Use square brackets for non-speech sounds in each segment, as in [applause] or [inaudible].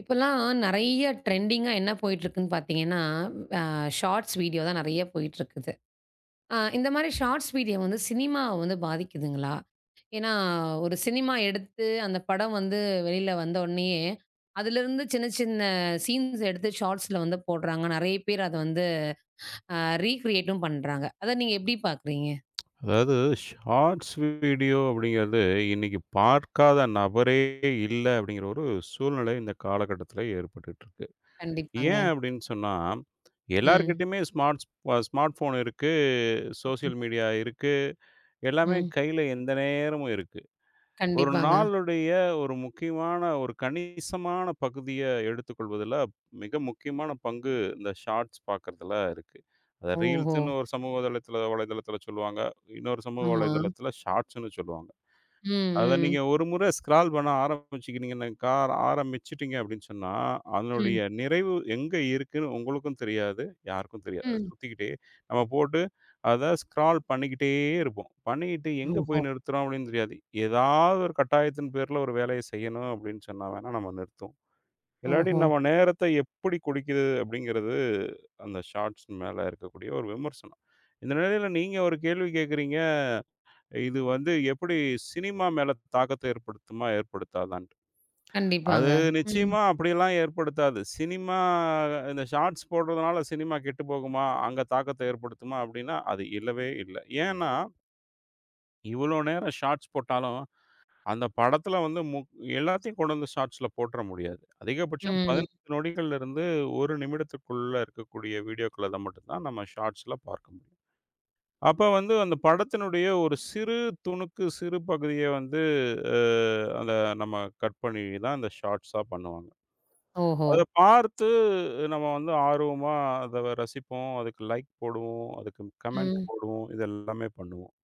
இப்போலாம் நெறைய டிரெண்டிங்கா என்ன போயிட்டு இருக்குன்னு பாத்தீங்கன்னா, ஆ, ஷார்ட்ஸ் வீடியோ தான் நறைய போயிட்டு இருக்குது. ஆ, இந்த மாரி ஷார்ட்ஸ் வீடியோ வந்து சினிமா வந்து பாதிக்குதுங்களா? ஏன்னா, ஒரு சினிமா எடுத்து அந்த படம் வந்து வெளியில வந்தவுடனேயே அதுல இருந்து சின்ன சின்ன சீன்ஸ் எடுத்து ஷார்ட்ஸ்ல வந்து போடுறாங்க. நறைய பேர் அத வந்து ஆ, ரீகிரியேட்டும் பண்றாங்க. அத நீங்க எப்படி பாக்கறீங்க? [tsk] அதாவது, ஷார்ட்ஸ் வீடியோ அப்படிங்கறது இன்னிக்கு பார்க்காத நபரே இல்ல அப்படிங்கிற ஒரு சூழ்நிலை இந்த காலகட்டத்துல ஏற்பட்டுட்டு இருக்கு. ஏன் கண்டிப்பாங்க. அப்படின்னு சொன்னா, ம். எல்லார்கிட்டயுமே ஸ்மார்ட்ஸ் ஸ்மார்ட்போன் இருக்கு, ஆம். சோஷியல் மீடியா இருக்கு, எல்லாமே ம். கையில எந்த நேரமும் இருக்கு. ஒரு கண்டிப்பாங்க. நாளுடைய ஒரு முக்கியமான ஒரு கணிசமான பகுதிய எடுத்துக்கொள்வதுல மிக முக்கியமான பங்கு இந்த ஷார்ட்ஸ் பாக்கிறதுல இருக்கு. ஓஹோ! ரீல்ஸ்ன்னு ஒரு சமூக தளத்துல, வலைத்தளத்துல சொல்லுவாங்க. இன்னொரு சமூக ஆமா. வலைத்தளத்துல ஷார்ட்ஸ்ன்னு சொல்லுவாங்க. ம், அத நீங்க ம். ஒரு முற ஸ்கரால் பண்ண ஆரம்பிச்சீங்கன்னாக்கா ஆரம்பிச்சுட்டீங்க அப்படின்னு சொன்னா அதனுடைய ம். நிறைவு எங்க இருக்குன்னு உங்களுக்கும் தெரியாது, யாருக்கும் தெரியாது. அது ம். சுத்திக்கிட்டே, நம்ம போட்டு அத ஸ்கரால் பண்ணிக்கிட்டே இருப்போம். பண்ணிக்கிட்டு எங்க ஓஹோ. போய் நிறுத்துறோம் அப்படின்னு தெரியாது. ஏதாவது, ஒரு கட்டாயத்தின் பேர்ல ஒரு வேலைய செய்யணும் அப்படின்னு சொன்னா வேனா, நம்ம நிறுத்துவோம். இல்லாட்டி ஓஹோ. நம்ம நேரத்த எப்படி குடிக்கிது அப்படிங்கறது அந்த ஷார்ட்ஸ் மேல இருக்கக்கூடிய ஒரு விமர்சனம். இந்த நிலையில நீங்க ஒரு கேள்வி கேக்குறீங்க, இது வந்து எப்படி சினிமா மேல தாக்கத்த ஏற்படுத்துமா, ஏற்படுத்தாதான்ட்டு. அது கண்டிப்பாங்க, ம். நிச்சியமா அப்படியெல்லாம் ஏற்படுத்தாது. சினிமா, இந்த ஷார்ட்ஸ் போடுறதுனால சினிமா கெட்டுப்போகுமா, அங்க தாக்கத்த ஏற்படுத்துமா அப்படின்னா, அது இல்லவே இல்ல. ஏன்னா இவ்ளோ நேரம் ஷார்ட்ஸ் போட்டாலும், அந்த படத்துல வந்து முக் எல்லாத்தையும் கொண்டு வந்து ஷாட்ஸ்ல போட்ர முடியாது. அதிகபட்சம் ம். 15 நொடிகள்லிருந்து 1 நிமிடத்திற்குள்ள இருக்கக்கூடிய வீடியோக்கள மட்டும் தான் நாம ஷாட்ஸ்ல பார்க்கம் அப்ப வந்து அந்த படத்தினுடைய ஒரு சிறு துணுக்கு, சிறு பகுதிய வந்து அ அத நம்ம கட் பண்ணி தான் அந்த ஷாட்ஸா பண்ணுவாங்க. ஓஹோ. அத பார்த்து நம்ம வந்து ஆர்வமா அத வ ரசிப்போம், அதுக்கு லைக் போடுவோம், அதுக்கு கமெண்ட் ம். போடுவோம், இதெல்லாமே பண்ணுவோம்.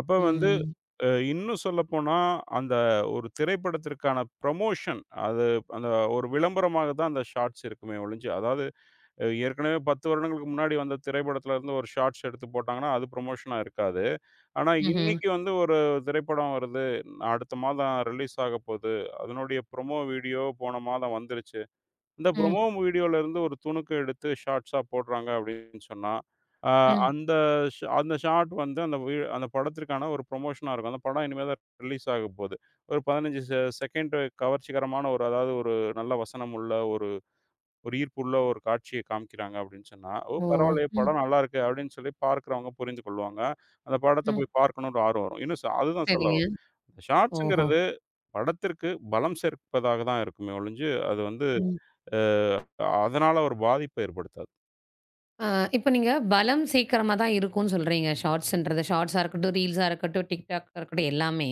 அப்ப வந்து ம். அ இன்னும் சொல்லப்போனா, அந்த ஒரு திரைப்படத்திற்கான ப்ரமோஷன் அது அந்த ஒரு விளம்பரமாக தான் அந்த ஷாட்ஸ் இருக்குமே ஒழிஞ்சு, அதாது அ ஏற்கனவே 10 வருடங்களுக்கு முன்னாடி வந்த திரைப்படத்துல இருந்து ஒரு ஷாட்ஸ் எடுத்து போட்டாங்கன்னா, அது ப்ரமோஷனா இருக்காது. ஆனா ம்ஹ்ம். இன்னிக்கு வந்து ஒரு திரைப்படம் வருது, அடுத்த மாதம் ரிலீஸ் ஆகப்போது, அதனுடைய ப்ரோமோ வீடியோ போன மாதம் வந்துருச்சு. இந்த ம். ப்ரோமோ வீடியோல இருந்து ஒரு துணுக்கு எடுத்து ஷார்ட்ஸா போடுறாங்க அப்டின்னு சொன்னா, அ ம். அந்த ஷா அந்த ஷாட் வந்து வி அந்த படத்திற்க்கான ஒரு ப்ரமோஷனா இருக்கும். அந்த படம் இனிமே தான் ரிலீஸ் ஆகப்போது. ஒரு 15 செ செகண்டு கவர்ச்சிகரமான ஒரு அதாவது ஒரு நல்ல வசனம் உள்ள ஒரு ஒரு ஈர்ப்புள்ள ஒரு காட்சிய காமிக்கிறாங்க அப்டின்னு சொன்னா, ஓ! ஓ, பரவாயில்லயே ம். படம் நல்லா இருக்கே, அப்டின்னு சொல்லி பார்க்கிறவங்க புரிஞ்சு கொள்வாங்க, அந்த படத்தை ம். போய் பார்க்கணும்னு ஒரு ஆர்வம் வரும். இன்னும் சொ அதுதான் சரிங்க. சொல்லவரன். ஓஹோ. ஷாட்ஸ்ங்குறது படத்திற்கு பலம் சேர்ப்பதாகத் தான் இருக்குமே ஒழிஞ்சு, அது வந்து ம். அ அதனால ஒரு பாதிப்ப ஏற்படுத்தாது. அ, இப்ப நீங்கப் பலம் சேக்கிரமா தான் இருக்கும்னு சொல்றீங்க ஷார்ட்ஷ்ன்றது. ஷார்ட்ஷ்ஷா இருக்கட்டும், ரீல்ஷ்ஷா இருக்கட்டும், TikTokஆ இருக்கட்டும் எல்லாமே.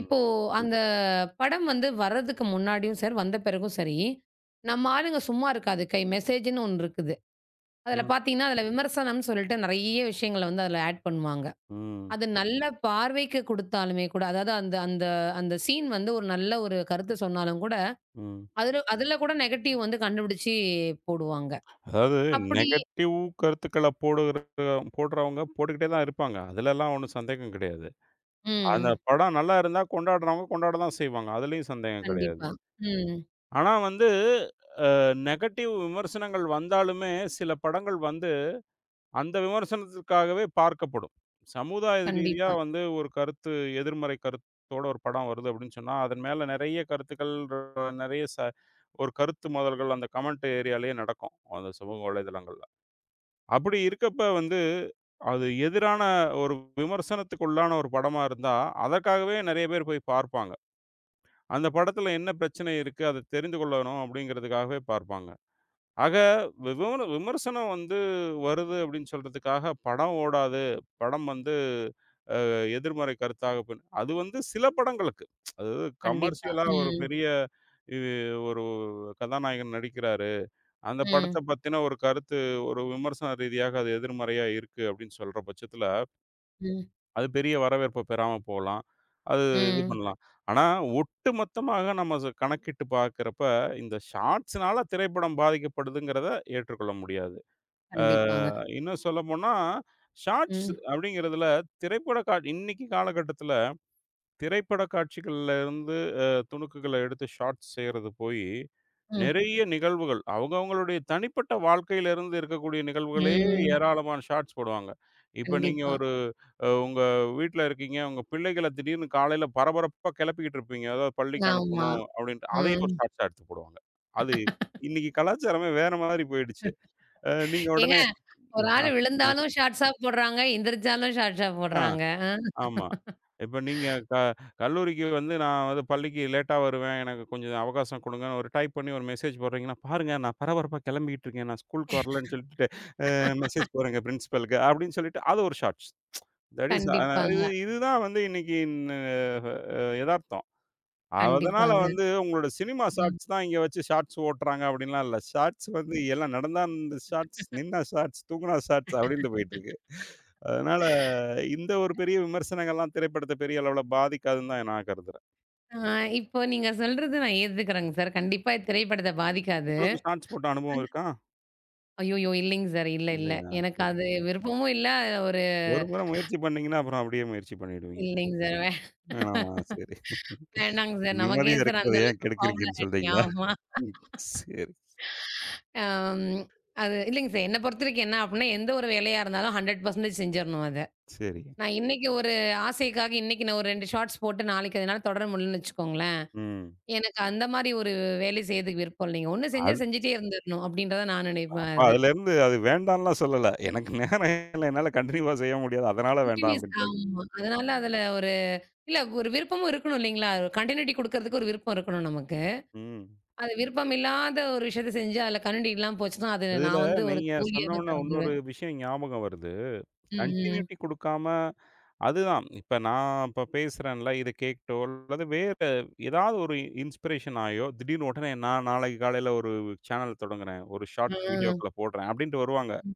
இப்போ அந்த படம் வந்து வர்றதுக்கு முன்னாடியும் சார் வந்த பிறகும் சரி நம்மாளுங்க சும்மா இருக்காது கை மெசேஜ்ன்னு ஒண்ணு இருக்குது. அதுல ம். பார்த்தீங்கன்னா, அதுல விமர்சனம்னு சொல்லிட்டு நிறைய விஷயங்களை வந்து அதுல ஆட் பண்ணுவாங்க. ம். அது நல்ல பார்வைக்குக் குடுத்தாலுமே கூட, அதாவது அந்த அந்த அந்த சீன் வந்து ஒரு நல்ல ஒரு கருத்து சொன்னாலும் கூட, ம். அதுல அதுல கூட நெகட்டிவ் வந்து கண்டுபிடிச்சு போடுவாங்க. அதாவது அப்படி நெகடிவ் கருத்துக்கள போடுவதற்கு போடுறவங்க போட்டுகிட்டே தான் இருப்பாங்க. அதுலலாம் ஒண்ணும் சந்தேகம் கிடையாது. ம். அந்தப் படம் நல்லா இருந்தா, கொண்டாடுறவங்க கொண்டாடுதான் செய்வாங்க. அதுலயும் சந்தேகம் கிடையாது. கண்டிப்பா. ம். ஆனா வந்து, ஆ நெகடிவ் விமர்சனங்கள் வந்தாலுமே சில படங்கள் வந்து அந்த விமர்சனத்திற்காகவே பார்க்கப்படும். சமுதாய ரீதியா கண்டிப்பா. வந்து ஒரு கருத்து எதிர்மறை கருத்தோட ஒரு படம் வருது அப்டின்னு சொன்னா, அதன் மேல நெறைய கருத்துகள், நெறைய ச ஒரு கருத்து மோதல்கள் அந்தக் கமெண்ட் ஏரியாலயே நடக்கும். அந்தச் சமூக வலைத்தளங்கள்ல. அப்படி இருக்கப்ப வந்து, அது எதிரான ஒரு விமர்சனத்துக்குள்ளான ஒரு படமா இருந்தா அதற்காகவே நிறைய பேர் போய்ப் பார்ப்பாங்க. அந்தப் படத்துல என்ன பிரச்சனை இருக்கு, அதைத் தெரிந்து கொள்ளணும் அப்படிங்கறதுக்காகவே பார்ப்பாங்க. ஆக, விமோர விமர்சனம் வந்து வருது அப்டின்னு சொல்றதுக்காகப், படம் ஓடாது. படம் வந்து ஆ எதிர்மறை கருத்தாக போ அது வந்து சில படங்களுக்கு. அது கண்டிப்பா. கமெர்சியல்லா ஒரு ம். பெரிய இது ஒரு கதாநாயகன் நடிக்கிறாரு. அந்தப் ம். படத்தைப் பத்தின ஒரு கருத்து, ஒரு விமர்சன ரீதியாக அது எதிர்மறையா இருக்கு அப்டின்னு சொல்ற பட்சத்துல ம். அது பெரிய வரவேற்ப பெறாம போலாம். அது இது ம். பண்ணலாம். ஆனா ஒட்டுமொத்தமாக நம்ம ஸ் கணக்கிட்டு பார்க்கிறப்ப, இந்த ஷார்ட்ஷ்னால திரைப்படம் பாதிக்கப்படுதுங்கிறத ஏற்றுக்கொள்ள முடியாது. ஆ கண்டிப்பாங்க. இன்னும் சொல்லப்போனா, ஷார்ட்ஷ் ம். அப்படிங்கிறதுல திரைப்படக் காட் இன்னைக்கு காலகட்டத்துல திரைப்பட காட்சிகள்ல இருந்து அ துணுக்குகளை எடுத்து ஷார்ட்ஷ் செய்யறது போயி, ம். நெறைய நிகழ்வுகள் அவங்கவங்களுடைய தனிப்பட்ட வாழ்க்கையில இருந்து இருக்கக்கூடிய நிகழ்வுகளே ம். ஏராளமான ஷார்ட்ஷ் போடுவாங்க. இப்ப நீங்க கண்டிப்பா. ஒரு அ உங்க வீட்ல இருக்கீங்க. உங்க பிள்ளைகளைத் திடீர்னு காலையில பரபரப்பா கிளப்பிக்கிட்டு இருப்பீங்க. அதாவது பள்ளிக்கு ஆமா. அனுப்பணும் அப்டின்டு. அதையும் ஒரு ம். ஷார்ட்ஷ்ஷா எடுத்துப் போடுவாங்க. அது [chuckles] இன்னைக்கு கலாச்சாரமே வேற மாதிரி போயிடுச்சு. ஆ [chuckles] நீங்க ஏங்க, உடனே ஒரு ஆ ஆளு ஆ விழுந்தாலும் ஷார்ட்ஷ்ஷா போடுறாங்க, எந்திருச்சாலும் ஷார்ட்ஷ்ஷா ஆ போடுறாங்க. ஆ. ஆமா. இப்ப [chuckles] நீங்கக் க கல்லூரிக்கு வந்து நான் வந்து பள்ளிக்கு லேட்டா வருவேன். எனக்குக் கொஞ்சம் அவகாசம் கொடுங்கனு, ஒரு டைப் பண்ணி ஒரு மெசேஜ் போடுறீங்கனா, பாருங்க நான் பரபரப்பா கிளம்பிக்கிட்டு இருக்கேன். நான் ஸ்கூல்க்கு வரலைன்னு சொல்லிட்டு ஆ மெசேஜ் [laughs] போடுறேங்க பிரிஷ்பில்க்கு, அப்டின்னு சொல்லிட்டு அது ஒரு ஷார்ட்ஷ். [tsk] தட் இஷ் ஆ கண்டிப்பாங்க. இதுதான் வந்து இன்னைக்கு ந ஆ எதார்த்தம். அதனால கண்டிப்பாங்க. வந்து உங்களோட சினிமா ம். ஷார்ட்ஷ் தான் இங்க வச்சு ஷார்ட்ஷ் ஓட்டுறாங்க அப்டின்லாம் இல்ல. ஷார்ட்ஷ் வந்து எல்லாம் நடந்தா அந்த ஷார்ட்ஷ், [chuckles] நின்னா ஷார்ட்ஷ், தூங்குனா ஷார்ட்ஷ் அப்டின்டு போயிட்டுருக்கு. அதனால இந்த ஒரு [laughs] பெரிய விமர்சனங்கள்லாம் திரைப்படத்தை பெரிய அளவுல பாதிக்காதுன்னு தான் நான் கருதுறேன். ஆ, இப்போ நீங்கச் சொல்றது நான் ஏத்துக்கறேங்க சார். கண்டிப்பா திரைப்படத்த பாதிக்காது. உங்களுக்கு ஷார்ட்ஸ் போட்ட அனுபவம் ஆனா இருக்கா? ஐயோயோ, இல்லைங்க சார். இல்ல, இல்ல. இல்லையா? எனக்கு செரி. அது விருப்பமும் இல்ல. ஒரு ஒரு முற முயற்சி பண்ணீங்கன்னா, அப்புறம் அப்டியே முயற்சி பண்ணிடுவீங்க. இல்லைங்க சார். வே வேணாமா? செரி. [chuckles] வேணாம்ங்க சார். நிம்மதியா நமக்கேன் சார் இருக்கிறத அந்த ஏன் அளவுக்கு கெடுக்கிறீங்கன்னு பாப்புலருட்டி சொல்றீங்களா? ஆமா. ம், செரி. அம். அது இல்லைங்க சார், என்னப் பொறுத்தவரைக்கும் என்ன அப்டின்னா, எந்த ஒரு வேலையா இருந்தாலும் 100% செஞ்சிரணும் அத. செரி. நான் இன்னைக்கு ஒரு ஆசைக்காக இன்னைக்கு நான் ஒரு 2 ஷார்ட்ஸ் போட்டு, நாளைக்கு எதனால தொடர முடியலன்னு வச்சுக்கோங்களேன். ம். எனக்கு அந்த மாதிரி ஒரு வேலை செய்யறதுக்கு விருப்பம் இல்லங்க. ஒண்ணு செஞ்சா அது செஞ்சிட்டே இருந்துரணும், அப்டின்றதுதான் நான் நினைப்பேன் அப்ப அத. அதுல இருந்து, அத வேண்டான்லாம் சொல்லல. எனக்கு நேரம் இல்ல என்னால கன்டினியூவா செய்ய முடியாது. அதனால வேண்டாம் கன்டினுவுஸ். அப்டிண்டு. ஆமா. அதனால, அதுல ஒரு இல்ல ஒரு விருப்பமும் இருக்கணும் இல்லீங்களா? ஒரு கன்டியுனிடி குடுக்கறதுக்கு ஒரு விருப்பம் இருக்கணும் நமக்கு. ம். அது விருப்பமில்லாத ஒரு விஷயத்தச் செஞ்சா அதுல கன்டியுனிடி இல்லாம போச்சுனா, அது அதுல நான் வந்து ஒரு நீங்கச் சொன்ன தோல்வியாதான் உடனே இன்னொரு கருதுவேன். விஷயம் ஞாபகம் வருது. ம், ம். கன்டியுனிடி குடுக்காம, அதுதான். இப்ப நான் இப்ப பேசுறேன் இல்ல. இதக் கேட்டோ அல்லது வேற ஏதாவது, ஒரு இன்ஸ்பிரேஷன் ஆயோ, திடீர்னு உடனே நான் நாளைக்கு காலையில ஒரு சானல் தொடங்கறேன், ஒரு ஷார்ட்ஸ் ம். வீடியோக்கள்ல போடுறேன் அப்டிண்டு வருவாங்க. ம்.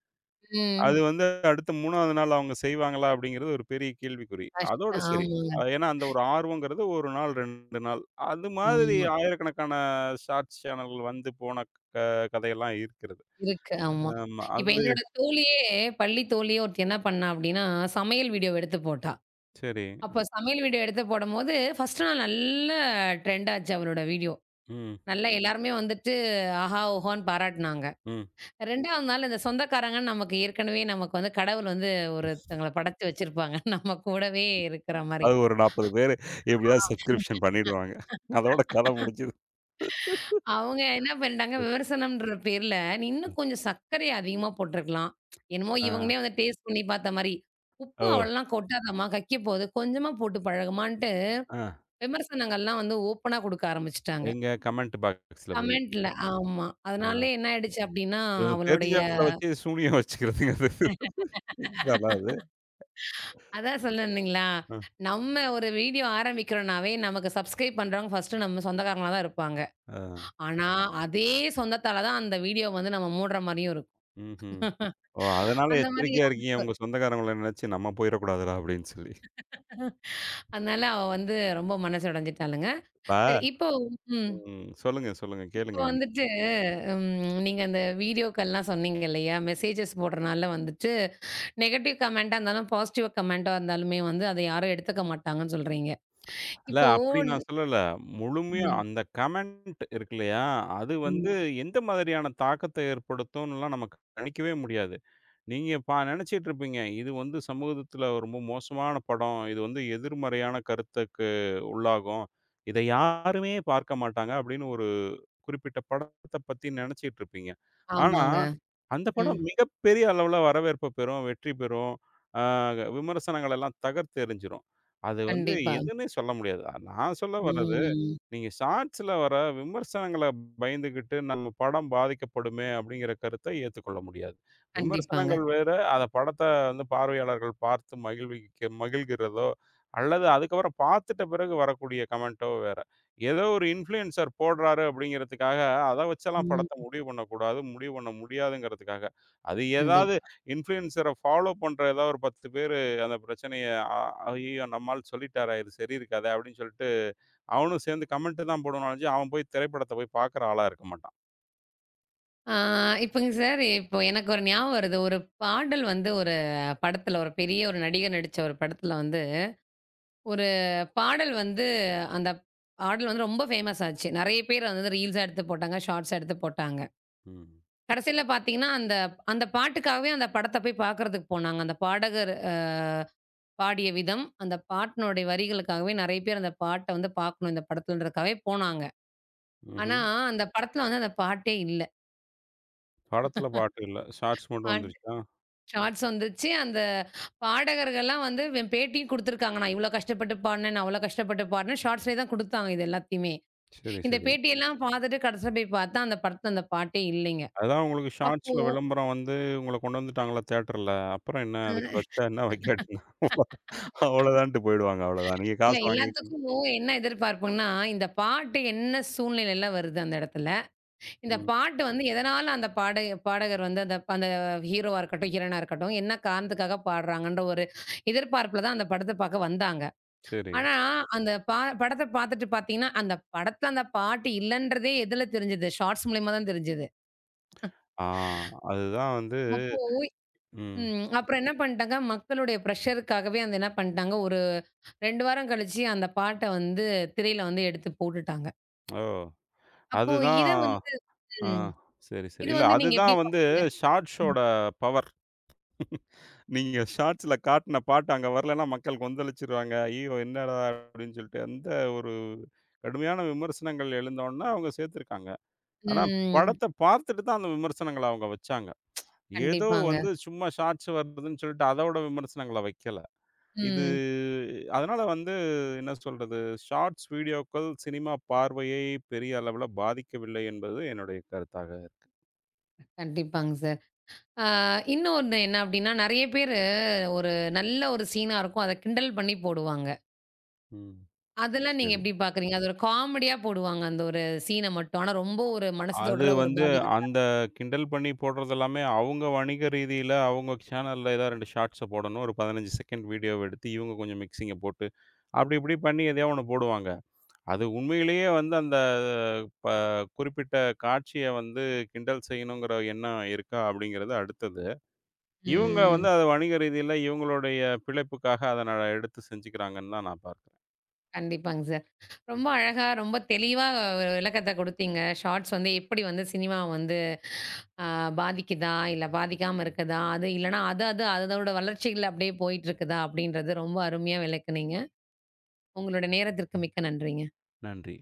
அது ம். வந்து அடுத்த 3வது நாள் அவங்க செய்வாங்களா அப்டிங்குறது ஒரு பெரிய கேள்விக்குறி. அதோட கஷ்டம் சரி. ஆமாங்க. ஏன்னா அந்த ஒரு ஆர்வம்ங்கிறது 1 நாள், 2 நாள். அது மாதிரி ஆமா. 1,000கணக்கான ஷார்ட்ஸ் சேனல் வந்து போன க கதையெல்லாம் இருக்கிறது. இருக்கு, ஆமா. ஆமா, இப்ப அது என்னோட தோழியே பள்ளி தோழியே ஒருத்தி என்ன பண்ணா அப்டின்னா, சமையல் வீடியோவ எடுத்துப் போட்டா. செரி. அப்ப சமையல் வீடியோ எடுத்துப் போடும்போது, ஃபர்ஸ்ட்டு நாள் நல்ல டிரெண்ட் ஆச்சு அவளோட வீடியோ. ம். நல்லா எல்லாருமே வந்துட்டு ஆஹா! ஓஹோன்னு பாராட்டுனாங்க. ம். 2வது நாள் அந்தச் சொந்தக்காரங்க நமக்கு ஏற்கனவே, நமக்குக் வந்து கடவுள் வந்து ம். ஒருதங்கள படச்சு வச்சிருப்பாங்க. நம்ம கூடவே இருக்கற மாரி. அது ஒரு 40 பேரு, எப்டியாவது சப்ஸ்கிருப்ஷன் பண்ணிடுவாங்க. அதோட கதை முடிஞ்சுது. அ [laughs] அவங்க என்ன பண்ணிட்டாங்க, [chuckles] விமர்சனம்ன்ற பேர்ல, நீ இன்னும் ம். கொஞ்சம் சக்கரைய அதிகமா போட்டிருக்கலாம், என்னமோ ஆ. இவங்களே வந்து டேஸ்ட் பண்ணி பாத்த மாரி, உப்பு ஓ. அவ்வளவுலாம் கொட்டாதம்மா கக்கிப்போது. கொஞ்சமா போட்டுப் பழகுமான்னு ஆ. விமர்சனங்கள் எல்லாம் வந்து ஓபனா கொடுக்க ஆரம்பிச்சிட்டாங்க. எங்க? கமெண்ட் பாக்ஸஸ்ல போய். கமெண்ட்ல ஆமா. அ அதனாலே ஆ. என்ன ஆயிடுச்சு அப்டின்னா இவங்க அவளுடைய தெரிஞ்சவங்கள வச்சு சூனியம் வச்சுக்கிறதுங்க அது. [chuckles] அதாது. [laughs] அதான் சொல்ல வந்தீங்களா, ஆ. நம்ம ஒரு வீடியோ ஆரம்பிக்கிறனாவே நமக்கு சுப்ஸ்கரைப் பண்றவங்க ஃபர்ஸ்ட் நம்ம சொந்தக்காரங்களாதான் இருப்பாங்க. அ. ஆனா, அதே சொந்தத்தால தான் அந்த வீடியோ வந்து நம்ம மூடுற மாரியும் இருக்கும். ம்ஹம். [chuckles] ஓ அதனால அந்த மாரி எச்சரிக்கையா இருக்கீங்க. அவளுக்கு உங்க சொந்தக்காரங்கள நினைச்சு, நாம்ம போயிரக்கூடாதுடா அப்டின்னு சொல்லி. [chuckles] அதனால அவ வந்து ரொம்ப மனசு உடைஞ்சுட்டாளுங்க. இப்பா சரி, இப்ப ம். ம். சொல்லுங்க, சொல்லுங்க. இப்ப கேளுங்க என்ன? வந்துட்டு ம் நீங்க அந்த வீடியோக்கள்லாம் சொன்னீங்க இல்லையா? மெஸ்ஸேஜஸ் போடுறனால வந்துட்டு, நெகட்டிவ் கமெண்ட்டா இருந்தாலும் பாசிட்டிவ் கமெண்ட்டா இருந்தாலும்மே, வந்து அத யாரும் எடுத்துக்க மாட்டாங்கன்னு சொல்றீங்க. இல்ல. இப்போ அப்டி ன் நான் சொல்லல. முழுமையா ம். அந்தக் கமெண்ட் இருக்கில்லையா? அது வந்து ம். எந்த மாதிரியான தாக்கத்த ஏற்படுத்துன்னுலாம், நமக்கு கணிக்கவே முடியாது. நீங்க இப்ப நெனச்சுட்டு இருப்பீங்க. இது வந்து சமூகத்துல ரொம்ப மோசமான படம். இது வந்து எதிர்மறையான கருத்துக்கு உள்ளாகும். இத யாருமே பார்க்கமாட்டாங்க அப்டின்னு ஒரு குறிப்பிட்ட படத்த பத்தி நெனச்சுட்டு இருப்பீங்க. ஆனா ஆமாங்க. அந்தப் ம். படம் மிகப் பெரிய அளவுல வரவேற்ப பெறும், வெற்றி பெறும். ஆ க விமர்சனங்களெல்லாம் தகர்த்து எறிஞ்சிடும். அது வந்து கண்டிப்பா. எதுன்னே சொல்ல முடியாது. நான் சொல்ல வரது, ம். நீங்க ஷார்ட்ஸ்ல வர்ற விமர்சனங்கள பயந்துகிட்டு நம்ம படம் பாதிக்கப்படுமே அப்டிங்குற கருத்த ஏத்துக் கொள்ள முடியாது. கண்டிப்பாங்க. விமர்சனங்கள் வேற. அத படத்த வந்து பார்வையாளர்கள் பார்த்து மகிழ்விக்க மகிழ்கிறதோ அல்லது அதுக்கப்புறம் பாத்துட்டு பிறகு வரக்கூடிய கமெண்ட்டோ வேற. ஏதோ ஒரு இன்ஃபுளூன்சர் போடுறாரு, அப்டிங்கறதுக்காக அத வச்சு எல்லாம் படத்த ம். முடிவு பண்ணக் கூடாது. முடிவு பண்ண முடியாதுங்கறதுக்காக. அது கண்டிப் ஏதாவது இன்ஃபுளூன்சர ஃபாலோ பண்ற ஏதாவது ஒரு 10 பேரு அந்தப் பிரச்சனையை அ அய்யயோ நம்ம ஆள் சொல்லிட்டாரா? இது சரியிருக்காதா? அப்டின்னு சொல்லிட்டு அவனும் சேர்ந்து கமெண்டு தான் போடுவானே ஒளிஞ்சு, அவன் போய் திரைப்படத்த போய் பாக்குற ஆளா இருக்க மாட்டான். ஆ, இப்பங்க சார், இப்போ எனக்கு ஒரு ஞாபகம் வருது. ஒரு பாடல் வந்து, ஒரு படத்துல, ஒரு பெரிய ஒரு நடிகர் நடிச்ச ஒரு படத்துல வந்து. ஒரு பாடல் வந்து அந்தப் பாடல் வந்து ரொம்ப ஃபேமஸ் ஆச்சு. நறைய பேர் அத வந்து ரீல்ஸ்ஸா எடுத்துப் போட்டாங்க, ஷார்ட்ஸ்ஸா எடுத்துப் போட்டாங்க. ம். கடசில பாத்தீங்கன்னா, அந்த அந்தப் பாட்டுக்காகவே அந்தப் படத்தப் போய்ப் பாக்குறதுக்கு போனாங்க. அந்தப் பாடகர் அ பாடிய விதம், அந்தப் பாட்னுடைய வரிகளுக்காகவே நறைய பேர் அந்தப் பாட்ட வந்து பாக்கணும். இந்தப் படத்துலன்றதுக்காகவே போனாங்க. ஆனா, ம்ஹ்ம். அந்தப் படத்துல வந்து அந்தப் பாட்டே இல்ல! படத்துல பாட்டு இல்ல. [chuckles] ஷார்ட்ஸ் மட்டும் பாட் வந்துருச்சா? ஷார்ட்ஸ் வந்துச்சு. அந்தப் பாடகர்கள்லாம் வந்து, வே பேட்டியும் குடுத்திருக்காங்க. நான் இவ்ளோ கஷ்டப்பட்டு பாடுனேன், நான் அவ்ளோ கஷ்டப்பட்டு பாடுனேன். ஷார்ட்ஸ்லே தான் குடுத்தாங்க, இது எல்லாத்தயுமே. செரி, இந்தப் செரி. பேட்டி எல்லாம் பாத்துட்டு, கடைசியா போய்ப் பாத்தா, அந்தப் படத்துல அந்தப் பாட்டே இல்லைங்க. அதுதான், உங்களுக்கு அப்போ! ஷார்ட்ஸ்ல வெளம்பரம் வந்து, உங்களக் கொண்டு வந்துட்டாங்கள்ள தேட்டர்ல. அப்றம் என்ன? அ. அதுக்கு [laughs] வெச்சா என்ன? வெக்காட்டி என்ன? அவளோதான்ட்டு போயிடுவாங்க. அவளோதானே. நீங்கக் இல்ல. காசு வாங்கிங்க எல்லாத்துக்கும் ம். என்ன எதிர்பார்ப்புன்னா, இந்தப் பாட்டு என்ன சூழ்நிலைல வருது அந்த எடத்துல? இந்தப் ம். பாட்டு வந்து, எதனால அந்தப் பாடக பாடகர் வந்து, அந்த ஹீரோவா இருக்கட்டும், ஹீரோயினா இருக்கட்டும், என்ன காரணத்துக்காகப் பாடுறாங்கன்ற ஒரு எதிர்பார்ப்புல தான், அந்தப் படத்தப் பாக்க வந்தாங்க. சேரி. ஆனா, அந்தப் பா படத்தப் பாத்துட்டு பாத்தீங்கன்னா, அந்தப் படத்துல அந்தப் பாட்டு இல்லன்றதே எதுல தெரிஞ்சுது? ஷார்ட்ஸ் மூல்யமா தான் தெரிஞ்சுது. ஆ, அதுதான் வந்து, [chuckles] அப்போ, ம். ம், அப்பறம் என்ன பண்ட்டாங்க, மக்களுடைய பிரஷருக்காகவே அத என்ன பண்டாங்க, ஒரு 2 வாரம் கழிச்சு, அந்தப் பாட்ட வந்து திரையில வந்து எடுத்துப் போட்டுட்டாங்க. ஓ, அப்போ அதுதான் இத வந்து ஆ ம் சரி, சரி. இத இல்ல, வந்து நீங்க எப்படி அதுதான் வந்து பாக்குறீங்க? ம். ஷாட்ஷோட பவர்! நீங்க ஷாட்ஸ்ல காட்டின பாட்டு அங்க வரலைன்னா மக்கள் கொந்தளிச்சுருவாங்க! அய்யய்யோ, என்னாடதர் அப்படின்னு சொல்ட்டு, அந்த ஒரு கடுமையான விமர்சனங்கள் எழுந்தவொன்னே அவங்க சேத்திருக்காங்க. ஆனா, ம். படத்த பார்த்துட்டு தான் அந்த விமர்சனங்கள அவங்க வச்சாங்க. ஏதோ கண்டிப்பாங்க. வந்து சும்மா ஷாட்ஸ் வந்துதுன்னு சொல்ட்டு அதோட விமர்சனங்கள வெக்கல. இது ம். அதனால வந்து என்ன சொல்றது? ஷாட்ஸ் வீடியோக்கள் சினிமா பார்வையை பெரிய அளவுல பாதிக்கவில்லை என்பது என்னுடைய கருத்தாகக்கு. கண்டிப்பாங் சார். ஆ இன்னொன்னு என்ன அப்படின்னா, நெறைய பேரு ஒரு நல்ல ஒரு சீன்னா இருக்கும். அதை கிண்டல் பண்ணி போடுவாங்க. ம், அதெல்லாம் நீங்க சேரி. எப்படி பாக்குறீங்க? அத ஒரு காமெடியா போடுவாங்க அந்த ஒரு சீன்ன மட்டும். ஆனா ரொம்ப ஒரு மனச அது தொடற, ஒரு வந்து, பாதிகமா அந்த இருக்கும். கிண்டல் பண்ணி போடுறதெல்லாமே அவங்க வணிக ரீதீல அவங்க சேனெல்ல ஏதா 2 ஷாட்ஸ்ச போடணும். ஒரு 15 செகண்ட் வீடியோவ எடுத்து, இவங்க கொஞ்சம் மிக்ஸிங்க போட்டு, அப்டி இப்டி பண்ணி எதையோ ஒண்ண போடுவாங்க. அது உண்மையிலேயே வந்து, அந்த ப குறிப்பிட்ட காட்சிய வந்து கிண்டல் செய்யணுங்கிற எண்ணம் இருக்கா அப்படிங்கிறது அடுத்தது. இவுங்க வந்து ம். அத வணிக ரீதீல, இவங்களுடைய பிழைப்புக்காக அத நட எடுத்து செஞ்சுக்கிறாங்கன்னுதான் நான் பாத்து கண்டிப்பாங் சார். ரொம்ப அழகா, ரொம்ப தெளிவா ஒரு விளக்கத்த கொடுத்தீங்க. ஷாட்ஸ் வந்து எப்படி வந்து சினிமாவ வந்து அ பாதிக்குதா, இல்ல பாதிக்காம இருக்குதா? அது இல்லனா அது அது அதோட வளர்ச்சியில அப்படியே போயிற்றுக்குதா அப்படின்றத ரொம்ப அருமையா விளக்குனீங்க. உங்களுடைய நேரத்திற்கு மிக்க நன்றிங்க. நன்றி.